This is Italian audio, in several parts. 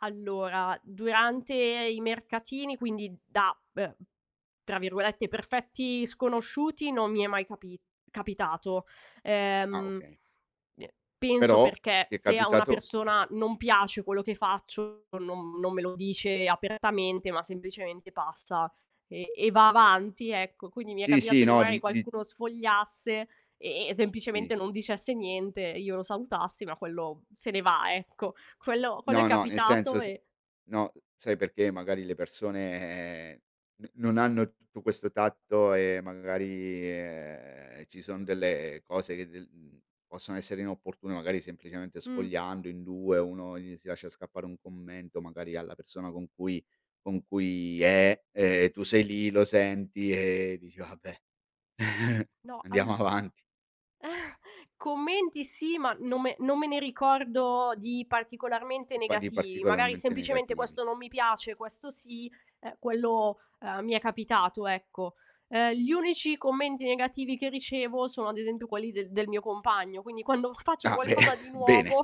Allora, durante i mercatini, quindi da be tra virgolette, "perfetti sconosciuti", non mi è mai capi capitato. Ah Ehm, okay. mi è penso Però perché ti è se a una capitato persona non piace quello che faccio, non non me lo dice apertamente, ma semplicemente passa e e va avanti, ecco. Quindi mi è Sì, sì capitato che no magari di di qualcuno sfogliasse e e Sì. semplicemente non dicesse niente e io lo salutassi, ma quello se ne va, ecco. Quello quello è No, no nel senso capitato se e no, sai perché, magari le persone no non hanno tutto questo tatto e magari, ehm, ci sono delle cose c del mhmm, possono essere inopportune. Magari semplicemente Mh. sfogliando in 2, uno gli si lascia scappare un commento magari alla persona con cui con cui è, ehm, tu sei lì lo senti e dici: "Vabbè, No, andiamo all avanti." Commenti sì, ma non me non me ne ricordo di particolarmente Pa di negativi, magari particolarmente semplicemente negativi. questo non mi piace, questo sì, eh quello eh mi è capitato, ecco. Ehm, gli unici commenti negativi che ricevo sono ad esempio quelli de del mio compagno, quindi quando faccio Ah beh qualcosa di bene, nuovo,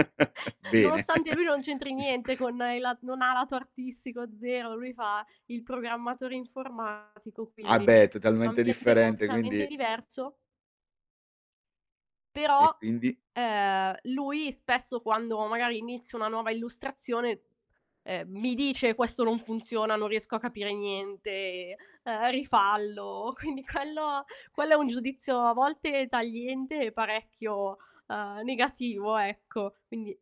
bene. nonostante lui non c'entri Dicia niente con il la non ha lato artistico zero, lui fa il programmatore informatico, Ah quindi beh, è un totalmente ambiente differente, completamente quindi diverso E però, quindi? ehm, lui spesso quando magari inizio una nuova illustrazione, ehm, mi dice: "Questo non funziona, non riesco a capire niente, ehm, rifallo." Quindi quello quello è un giudizio a volte tagliente e parecchio, uhm, negativo, ecco. Quindi